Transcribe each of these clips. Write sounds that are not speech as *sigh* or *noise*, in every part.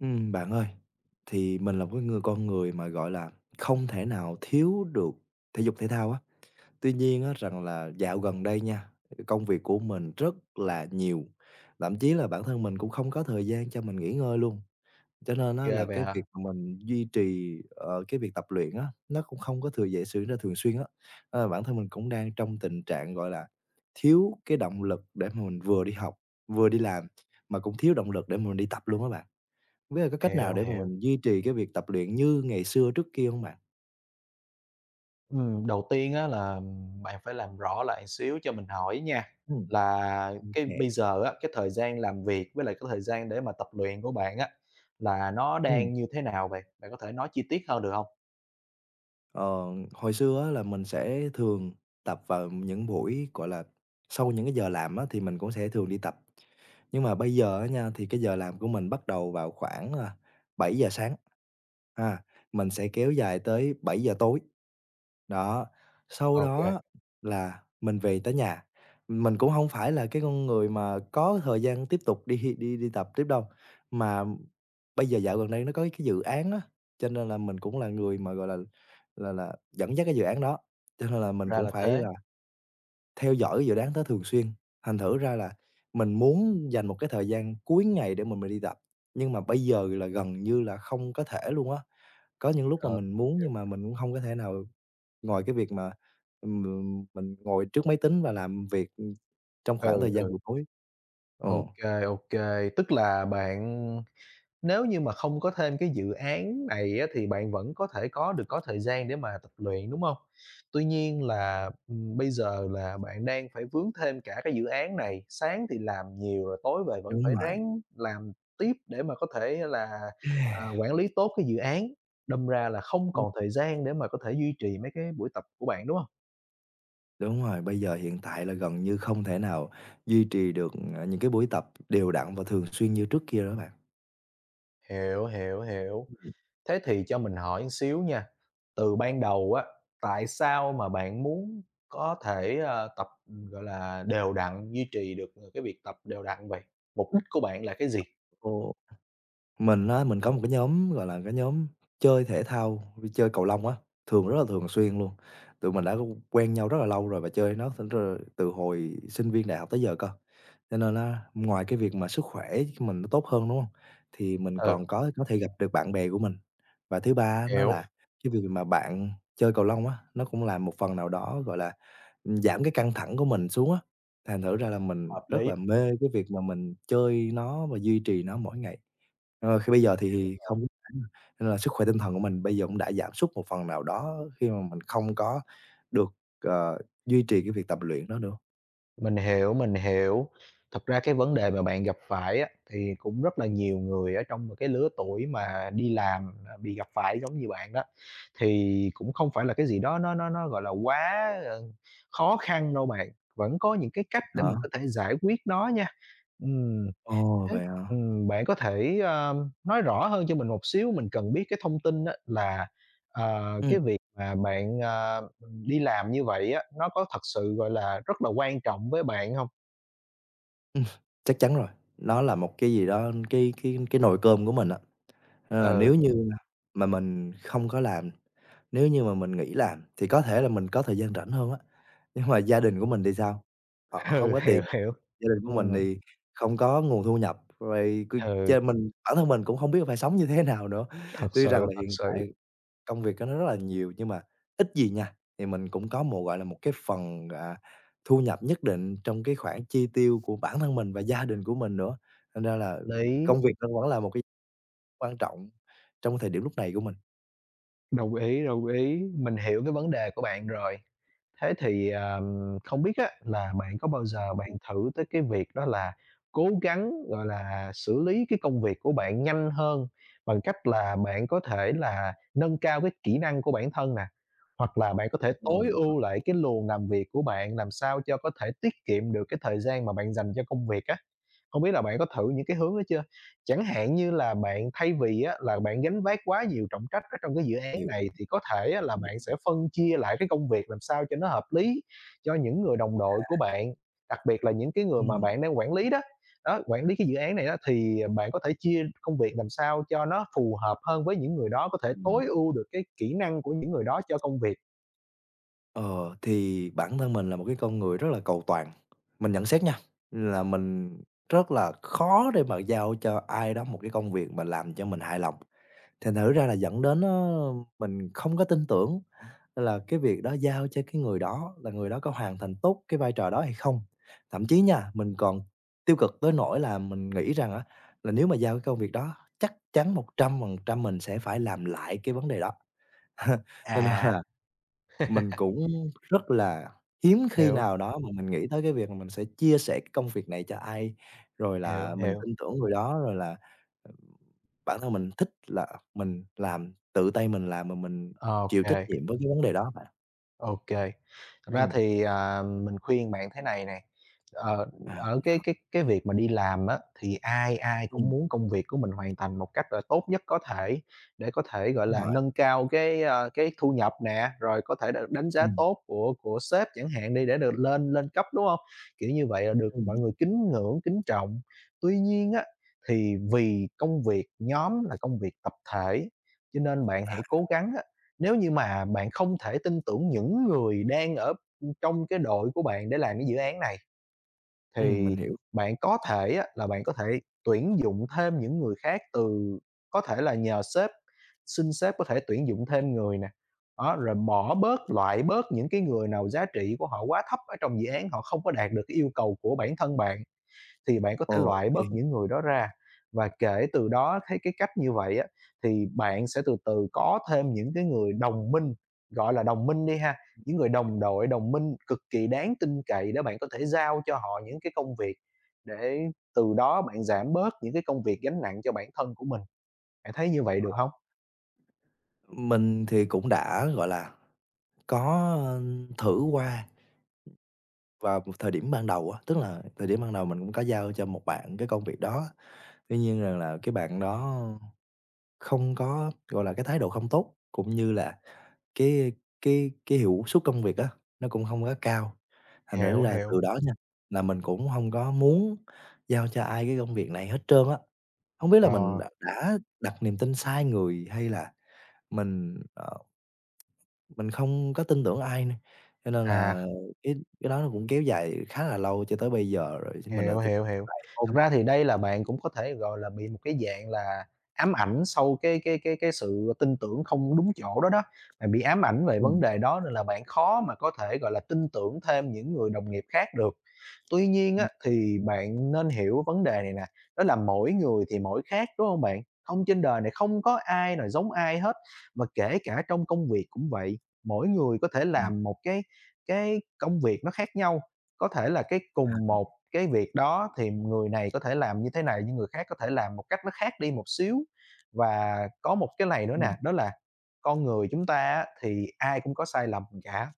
Ừm, bạn ơi, thì mình là một cái người con người mà, gọi là, không thể nào thiếu được thể dục thể thao á. Tuy nhiên á rằng là dạo gần đây nha, ừm, công việc của mình rất là nhiều, lậm chí là bản thân mình cũng không có thời gian cho mình nghỉ ngơi luôn, cho nên á Ghê là vậy cái hả? việc mình duy trì, ờ, cái việc tập luyện á, nó cũng không có thường dễ xử nên thường xuyên á. Ờ, bản thân mình cũng đang trong tình trạng, gọi là, thiếu cái động lực để mà mình vừa đi học vừa đi làm, mà cũng thiếu động lực để mà mình đi tập luôn á bạn. Hông biết là có cách nào Hiểu, để mà hiểu. mình duy trì cái việc tập luyện như ngày xưa, trước kia hông bạn? Ừm, đầu tiên á là, ừm, bạn phải làm rõ lại xíu cho mình hỏi nha, Ừm. là cái OK. bây giờ á, cái thời gian làm việc với lại cái thời gian để mà tập luyện của bạn á là nó Ừm. đang như thế nào vậy? Bạn có thể nói chi tiết hơn được hông? Ờ, hồi xưa á là mình sẽ thường tập vào những buổi, gọi là, sau những cái giờ làm á, thì mình cũng sẽ thường đi tập. Nhưng mà bây giờ á nha thì cái giờ làm của mình bắt đầu vào khoảng, a, 7:00 sáng ha, mình sẽ kéo dài tới 7:00 tối. Đó, sau OK. đó là mình về tới nhà, mình cũng hông phải là cái con người mà có thời gian tiếp tục đi đi đi tập tiếp đâu, mà bây giờ dạo gần đây nó có cái dự án á, cho nên là mình cũng là người mà, gọi là là là, dẫn dắt cái dự án đó, cho nên là mình Ra cũng là phải là thế. theo dõi dự đoán đó thường xuyên. Thành thử ra là mình muốn dành một cái thời gian cuối ngày để mà mình đi tập, nhưng mà bây giờ là gần như là không có thể luôn á. Có những lúc mà Ờ, mình muốn hiểu. nhưng mà mình cũng hông có thể nào ngoài cái việc mà, ừm, m mình ngồi trước máy tính và làm việc, ừm, trong khoảng Ừ, thời gian ừ. buổi tối. Ờ. OK, OK, tức là bạn nếu như mà không có thêm cái dự án này á, thì bạn vẫn có thể có được có thời gian để mà tập luyện, đúng hông? Tuy nhiên là, ừm, bây giờ là bạn đang phải vướng thêm cả cái dự án này, sáng thì làm nhiều rồi tối về vẫn Đúng phải vậy. ráng làm tiếp để mà có thể là, à, *sighs* quản lý tốt cái dự án, đâm ra là không Ừm. còn thời gian để mà có thể duy trì mấy cái buổi tập của bạn, đúng hông? Đúng rồi, bây giờ hiện tại là gần như không thể nào duy trì được, à, những cái buổi tập đều đặn và thường xuyên như trước kia nữa bạn. Hiểu, hiểu, hiểu. Thế thì cho mình hỏi xíu nha, từ ban đầu á, tại sao mà bạn muốn có thể, ờ, tập, gọi là, đều đặn, duy trì được cái việc tập đều đặn vậy? Mục đích của bạn là cái gì? Ồ. Mình á, mình có một cái nhóm gọi là cái nhóm chơi thể thao, chơi cầu lông á, thường rất là thường xuyên luôn. Tụi mình đã quen nhau rất là lâu rồi và chơi với nó *unintelligible* từ hồi sinh viên đại học tới giờ cơ. Cho nên á, ngoài cái việc mà sức khỏe cho mình nó tốt hơn, đúng hông? Thì mình Ừ. còn có có thể gặp được bạn bè của mình. Và thứ ba nó Hiểu. là cái việc mà bạn chơi cầu lông á, nó cũng làm một phần nào đó, gọi là, giảm cái căng thẳng của mình xuống á. Thành thử ra là mình Hợp rất lý. là mê cái việc mà mình chơi nó và duy trì nó mỗi ngày. Ờ, khi bây giờ Hiểu thì rồi. không *unintelligible* nên là sức khỏe tinh thần của mình bây giờ cũng đã giảm sút một phần nào đó khi mà mình không có được, ờ, duy trì cái việc tập luyện đó nữa. Mình hiểu, mình hiểu. Thật ra cái vấn đề mà bạn gặp phải á, thì cũng rất là nhiều người ở trong một cái lứa tuổi mà đi làm, à, bị gặp phải giống như bạn đó. Thì cũng không phải là cái gì đó nó nó nó, gọi là, quá, ờ, khó khăn đâu bạn. Vẫn có những cái cách để Hả? mình có thể giải quyết nó nha. Ừm, Ồ, thế, vậy hả? ừm, bạn có thể, ơ, nói rõ hơn cho mình một xíu, mình cần biết cái thông tin á là, ờ, Ừm. cái việc mà bạn, ờ, đi làm như vậy á, nó có thật sự, gọi là, rất là quan trọng với bạn hông? Ừm, chắc chắn rồi, nó là một cái gì đó cái cái cái nồi cơm của mình á. Nên là Ừ. nếu như mà mình không có làm, nếu như mà mình nghỉ làm thì có thể là mình có thời gian rảnh hơn á, nhưng mà gia đình của mình thì sao? Họ hông Ừ, có hiểu, tiền, hiểu. gia đình của mình Ừm. thì không có nguồn thu nhập, rồi c ch Ừ. mình bản thân mình cũng không biết là phải sống như thế nào nữa. Thật Tuy rằng sự, là thật hiện sự. tại công việc của nó rất là nhiều nhưng mà ít gì nha thì mình cũng có một, gọi là, một cái phần, à, thu nhập nhất định trong cái khoản chi tiêu của bản thân mình và gia đình của mình nữa. Thành ra là Lý. công việc nó vẫn là một cái quan trọng trong cái thời điểm lúc này của mình. Đồng ý, đồng ý, mình hiểu cái vấn đề của bạn rồi. Thế thì, ờ, không biết á, là bạn có bao giờ bạn Ừm. thử tới cái việc đó là cố gắng, gọi là, xử lý cái công việc của bạn nhanh hơn bằng cách là bạn có thể là nâng cao cái kỹ năng của bản thân nè, hoặc là bạn có thể Ờ, tối vậy hả? ưu lại cái luồng làm việc của bạn làm sao cho có thể tiết kiệm được cái thời gian mà bạn dành cho công việc á? Không biết là bạn có thử những cái hướng đó chưa? Chẳng hạn như là bạn, thay vì á, là bạn gánh vác quá nhiều trọng trách ở trong cái dự án Hiểu. này, thì có thể là bạn sẽ *unintelligible* phân chia lại cái công việc làm sao cho nó hợp lý cho những người đồng đội của À. bạn. Đặc biệt là những cái người mà Ừm. bạn đang quản lý đó, đó, quản lý cái dự án này á, thì bạn có thể chia công việc làm sao cho nó phù hợp hơn với những người đó, có thể Ừm. tối ưu được cái kỹ năng của những người đó cho công việc. Ờ, thì bản thân mình là một cái con người rất là cầu toàn. Mình nhận xét nha, là mình rất là khó để mà giao cho ai đó một cái công việc mà làm cho mình hài lòng. Thành thử ra là dẫn đến, ờ, mình không có tin tưởng là cái việc đó giao cho cái người đó là người đó có hoàn thành tốt cái vai trò đó hay không. Thậm chí nha, mình còn tiêu cực tới nỗi là mình nghĩ rằng á, là nếu mà giao cái công việc đó chắc chắn 100% mình sẽ phải làm lại cái vấn đề đó. *chuckles* Cho nên À. là mình *laughs* cũng rất là hiếm khi Hiểu. nào đó mà mình nghĩ tới cái việc là mình sẽ chia sẻ cái công việc này cho ai, rồi Hiểu, là mình hiểu. tin tưởng rồi đó, rồi là, ừm, bản thân mình thích là mình làm, tự tay mình làm mà mình Ô chịu trách kê. nhiệm với cái vấn đề đó bạn. OK. Thật ra Ừm. thì, à, mình khuyên bạn thế này này, ờ, À, ở vậy cái hả. cái cái việc mà đi làm á thì ai ai cũng Ừm. muốn công việc của mình hoàn thành một cách là tốt nhất có thể, để có thể, gọi Đúng là, rồi. nâng cao cái, ơ, cái, thu nhập nè, rồi có thể đ đánh giá Ừm. tốt của của sếp chẳng hạn đi để được lên lên cấp, đúng hông? Kiểu, như vậy là được Ừm mọi hứm. người kính ngưỡng, kính trọng. Tuy nhiên á, thì vì công việc nhóm là công việc tập thể, cho nên bạn À. hãy cố gắng á nếu như mà bạn không thể tin tưởng những người đang ở, ưm, trong cái đội của bạn để làm cái dự án này, Ừm, thì mình hiểu. bạn có thể á là bạn có thể tuyển dụng thêm những người khác từ có thể là nhờ sếp, xin sếp có thể tuyển dụng thêm người nè. Đó, rồi bỏ bớt, loại bớt những cái người nào giá trị của họ quá thấp ở trong dự án, họ không có đạt được cái yêu cầu của bản thân bạn, thì bạn có thể Ồ. loại bớt In. những người đó ra. Và kể từ đó thấy cái cách như vậy á thì bạn sẽ từ từ có thêm những cái người đồng minh, gọi là, đồng minh đi ha, những người đồng *unintelligible* đội, đồng minh cực kỳ đáng tin cậy để bạn có thể giao cho họ những cái công việc, để từ đó bạn giảm bớt những cái công việc gánh nặng cho bản thân của mình. Bạn thấy như vậy Ờ. được hông? Mình thì cũng đã, gọi là, có, ờ, thử qua. Vào một thời điểm ban đầu á, tức là thời điểm ban đầu mình cũng có giao cho một bạn cái công việc đó. Tuy nhiên rằng là cái bạn đó không có, gọi là, cái thái độ không tốt cũng như là cái cái cái hiệu suất công việc á nó cũng hông có cao. Thành Hiểu, thử ra là hiểu. từ đó nha là mình cũng hông có muốn giao cho ai cái công việc này hết trơn á. Hông biết là mình đ Rồi. đã đặt niềm tin sai người hay là mình, ờ mình không có tin tưởng ai nơ, cho nên À. là cái cái đó nó cũng kéo dài khá là lâu cho tới bây giờ rồi mình lại Hiểu, tiếp hiểu, hiểu. lại ôm Thật ra thì việc *unintelligible* đây là bạn cũng có thể gọi là bị một cái dạng là ám ảnh sau cái cái cái cái sự tin tưởng không đúng chỗ đó đó, bạn bị ám ảnh về vấn Ừm. đề đó nên là bạn khó mà có thể, gọi là, tin tưởng thêm những người đồng nghiệp khác được. Tuy nhiên Ừm, á mình thì hiểu. bạn nên hiểu vấn đề này nè, đó là mỗi người thì mỗi khác, đúng hông bạn? Hông trên đời này không có ai nào giống ai hết. Mà kể cả trong công việc cũng vậy, mỗi người có thể Ừm. làm một cái cái công việc nó khác nhau, có thể là cái À, cùng ừm. một cái việc đó thì người này có thể làm như thế này nhưng người khác có thể làm một cách nó khác đi một xíu. Và có một cái này nữa nè, Ừm. đó là con người chúng ta á thì ai cũng có sai lầm cả.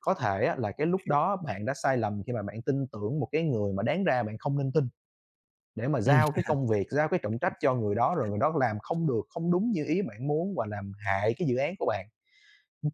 Có thể á là cái Mình lúc hiểu. đó bạn đã sai lầm khi mà bạn tin tưởng một cái người mà đáng ra bạn không nên tin, để mà Ừm. giao cái công việc, giao cái trọng trách cho người đó, rồi *chuckles* người đó làm không được, không đúng như ý bạn muốn và làm hại cái dự án của bạn.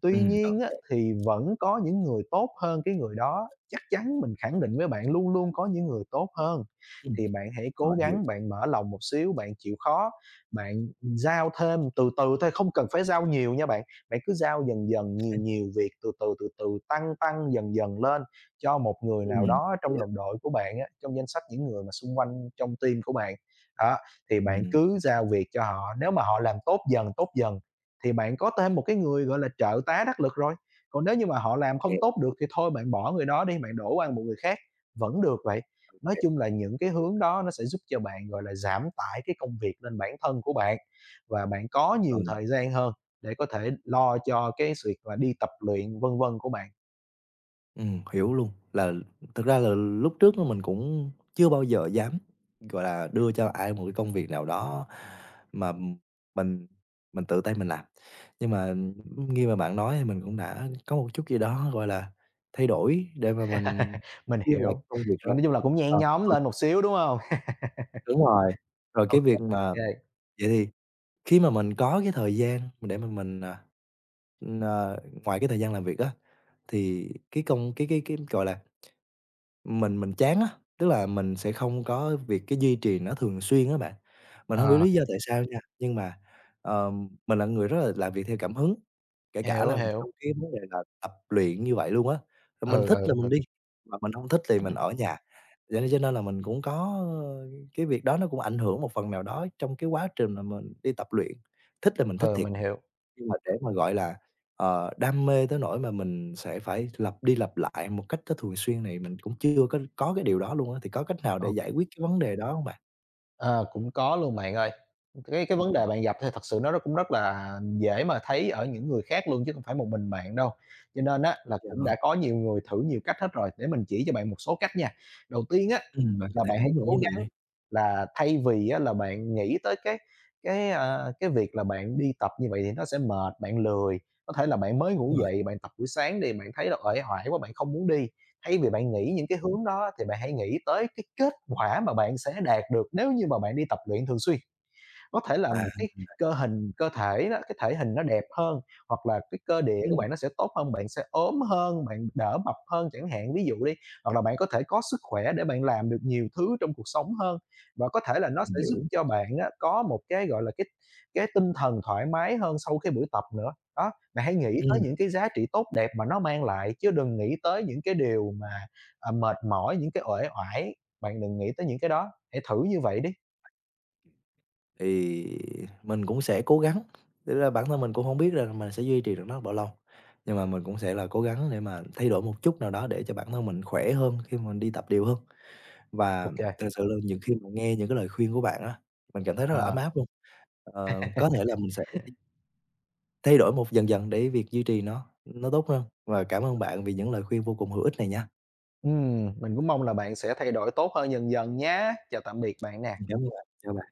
Tuy Ừm, nhiên á OK. thì vẫn có những người tốt hơn cái người đó, chắc chắn mình khẳng định với bạn luôn luôn có những người tốt hơn, Ừm, thì bạn hãy họ cố hiểu. gắng bạn mở lòng một xíu, bạn chịu khó, bạn giao thêm từ từ thôi, không cần phải giao nhiều nha bạn. Bạn cứ giao dần dần nhiều Ừm hưm. nhiều việc từ từ, từ từ tăng, tăng dần dần lên cho một người nào Ừm, đó thế trong à. đồng đội của bạn á, trong danh sách những người mà xung quanh trong team của bạn. Đó, thì bạn Ừm, cứ à. giao việc cho họ nếu mà họ làm tốt dần, tốt dần thì bạn có thêm một cái người, gọi là, trợ tá đắc lực rồi. Còn nếu như mà họ làm không Hiểu. tốt được thì thôi bạn bỏ người đó đi, bạn đổ qua một người khác vẫn được vậy. Nói OK. chung là những cái Hiểu. hướng đó nó sẽ giúp cho bạn, gọi là, giảm tải cái công việc lên bản thân của bạn và bạn có nhiều Vâng. thời gian hơn để có thể lo cho cái việc mà đi tập luyện vân vân của bạn. Ừm, hiểu luôn. Là thực ra là lúc trước mình cũng chưa bao giờ dám, gọi là, đưa cho ai một cái công việc nào đó mà mình mình tự tay mình làm. Nhưng mà nghe bạn nói thì mình cũng đã có một chút gì đó, gọi là, thay đổi để mà mình *laughs* Mình đưa lại hiểu, công việc ờ, rồi. nói chung là cũng nhen Ờ. nhóm *unintelligible* lên một xíu, đúng hông? Đúng rồi. *laughs* Rồi Ô cái kê việc mà kê. vậy thì khi mà mình có cái thời gian mình để mà mình, à ờ, ngoài cái thời gian làm việc á, thì cái công cái cái cái, gọi là, mình mình chán á, tức là mình sẽ không có việc cái duy trì nó thường xuyên á bạn. Mình hông hiểu Ờ. lý do tại sao nha, nhưng mà, ờ, mình là người rất là làm việc theo cảm hứng, kể cả Hiểu, là hiểu. trong cái vấn đề là tập luyện như vậy luôn á. Mình Ừ, thích ừ, là mình ừ. đi mà mình hông thích thì mình ở nhà. Vậy cho nên là mình cũng có, ờ, cái việc đó nó cũng ảnh hưởng một phần nào đó trong cái quá trình mà mình đi tập luyện. Thích là mình thích Ừ, thiệt, mình hiểu. nhưng mà để mà, gọi là, ờ, đam mê tới nỗi mà mình sẽ phải lặp đi lặp lại một cách nó thường xuyên này mình cũng chưa có có cái điều đó luôn á. Thì có cách nào để Ô giải quyết cái vấn đề đó hông bạn? Ờ, cũng có luôn, bạn ơi. Cái cái vấn *unintelligible* đề bạn gặp thì thật sự nó rất cũng rất là dễ mà thấy ở những người khác luôn chứ không phải một mình bạn đâu. Cho nên á, là Vậy cũng hả? đã có nhiều người thử nhiều cách hết rồi, để mình chỉ cho bạn một số cách nha. Đầu tiên á, Ừm, bạn có là thể bạn hãy hướng dẫn với cố mình đi. gắng là thay vì á là bạn nghĩ tới cái cái, à, cái việc là bạn đi tập như vậy thì nó sẽ mệt, bạn lười, có thể là bạn mới ngủ Rồi. dậy, bạn tập buổi sáng đi, bạn thấy uể oải quá bạn không muốn đi. Thay vì bạn nghĩ những cái hướng đó thì bạn hãy nghĩ tới cái kết quả mà bạn sẽ đạt được nếu như mà bạn đi tập luyện thường xuyên. Có thể là À. một cái cơ hình cơ thể á, cái thể hình nó đẹp hơn, hoặc là cái cơ địa của Ừm. bạn nó sẽ tốt hơn, bạn sẽ ốm hơn, bạn đỡ mập hơn chẳng hạn, ví dụ đi. Hoặc là bạn có thể có sức khỏe để bạn làm được nhiều thứ trong cuộc sống hơn và có thể là nó Mình sẽ giúp hiểu. cho bạn á có một cái, gọi là, cái cái tinh thần thoải mái hơn sau cái buổi tập nữa. Đó. Bạn hãy nghĩ tới Ừm. những cái giá trị tốt đẹp mà nó mang lại chứ đừng nghĩ tới những cái điều mà, ờ, mệt mỏi, những cái uể oải. Bạn đừng nghĩ tới những cái đó, hãy thử như vậy đi. Thì mình cũng sẽ cố gắng. Thực ra bản thân mình cũng hông biết rằng mình sẽ duy trì được nó là bao lâu, nhưng mà mình cũng sẽ là cố gắng để mà thay đổi một chút nào đó để cho bản thân mình khỏe hơn khi mà mình đi tập đều hơn. Ô Và kê. thực sự luôn nhiều khi mà nghe những cái lời khuyên của bạn á, mình cảm thấy rất là ấm À. áp luôn. Ờ, có thể là *laughs* mình sẽ thay đổi một dần dần để việc duy trì nó nó tốt hơn và cảm ơn bạn vì những lời khuyên vô cùng hữu ích này nha. Ừm, mình cũng mong là bạn sẽ thay đổi tốt hơn dần dần nhá. Chào tạm biệt bạn nè. Ừm, cảm ơn bạn, chào bạn ha.